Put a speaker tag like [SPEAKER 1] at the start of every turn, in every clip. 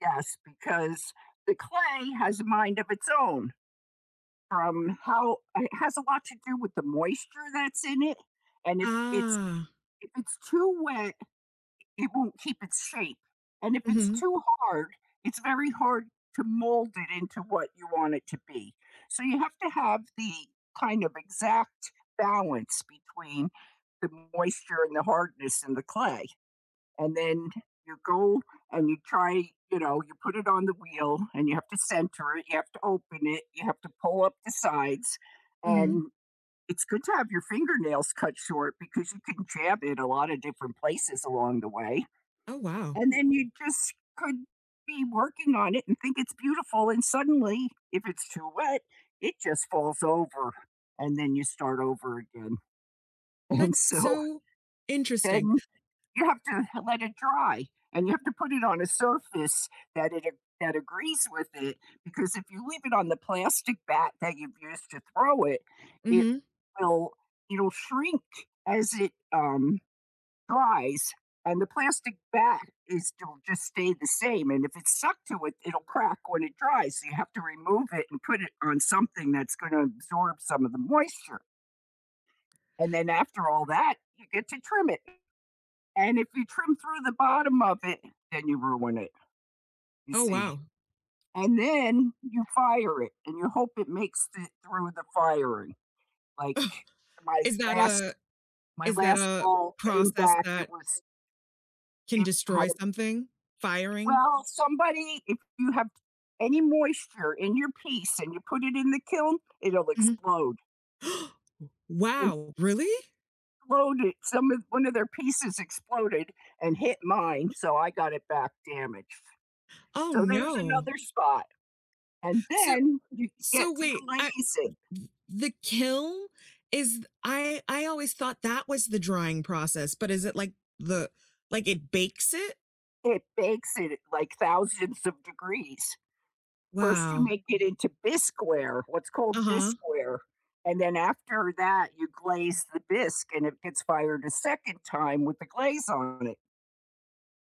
[SPEAKER 1] Yes, because the clay has a mind of its own, from how it has a lot to do with the moisture that's in it, and if it's
[SPEAKER 2] Ah.
[SPEAKER 1] if it's too wet, it won't keep its shape and if it's
[SPEAKER 2] Mhm.
[SPEAKER 1] too hard, it's very hard to mold it into what you want it to be. So, you have to have the, kind of, exact balance between the moisture and the hardness in the clay, and then, you go and you try, you know you put it on the wheel and you have to center it, you have to open it, you have to pull up the sides,
[SPEAKER 2] Mhm.
[SPEAKER 1] and, it's good to have your fingernails cut short because you can jab it a lot of different places along the way,
[SPEAKER 2] Oh, wow.
[SPEAKER 1] and then you just could be working on it and think it's beautiful and suddenly, if it's too wet, it just falls over and then you start over again. And
[SPEAKER 2] That's
[SPEAKER 1] so
[SPEAKER 2] so interesting.
[SPEAKER 1] then you have to let it dry and you have to put it on a surface that it a that agrees with it because if you leave it on the plastic bat that you've used to throw it it
[SPEAKER 2] Mhm.
[SPEAKER 1] will it'll shrink as it, um, dries and the plastic bat is still just stay the same, and if it's stuck to it, it'll crack when it dries, so, you have to remove it and put it on something that's gonna absorb some of the moisture. And then, after all that, you get to trim it. And if you trim through the bottom of it then you ruin it, you
[SPEAKER 2] Oh,
[SPEAKER 1] see?
[SPEAKER 2] wow.
[SPEAKER 1] And then, you fire it and you hope it makes it through the firing. Like, my
[SPEAKER 2] Is that
[SPEAKER 1] last
[SPEAKER 2] a
[SPEAKER 1] my
[SPEAKER 2] is that
[SPEAKER 1] last
[SPEAKER 2] a
[SPEAKER 1] bowl came
[SPEAKER 2] process
[SPEAKER 1] back, it
[SPEAKER 2] that
[SPEAKER 1] was
[SPEAKER 2] can
[SPEAKER 1] it had
[SPEAKER 2] destroy
[SPEAKER 1] a
[SPEAKER 2] something? Firing?
[SPEAKER 1] Well, somebody if you have any moisture in your piece and you put it in the kiln, it'll
[SPEAKER 2] Mhm.
[SPEAKER 1] explode.
[SPEAKER 2] W
[SPEAKER 1] M
[SPEAKER 2] wow, really?
[SPEAKER 1] Exploded some of 1 of their pieces exploded and hit mine so I got it back damaged.
[SPEAKER 2] Oh,
[SPEAKER 1] So, there's
[SPEAKER 2] no.
[SPEAKER 1] another spot and
[SPEAKER 2] So
[SPEAKER 1] then you get
[SPEAKER 2] so,
[SPEAKER 1] to
[SPEAKER 2] wait. I
[SPEAKER 1] glaze it.
[SPEAKER 2] th th the kiln is I I always thought that was the drying process, but is it like, the like, it bakes it?
[SPEAKER 1] It bakes at, like, thousands of degrees. First you
[SPEAKER 2] Wow.
[SPEAKER 1] make it into bisqueware what's called
[SPEAKER 2] Uh-huh.
[SPEAKER 1] bisqueware, and then after that you glaze the bisque and it gets fired a second time with the glaze on it.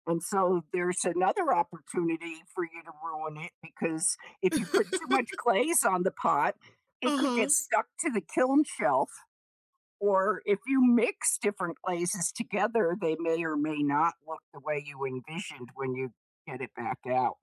[SPEAKER 1] And, so, there's another opportunity for you to ruin it because if you put too much glaze on the pot it could get
[SPEAKER 2] Uh-huh.
[SPEAKER 1] stuck to the kiln shelf. Or if you mix different glazes together, they may or may not look the way you envisioned when you get it back out.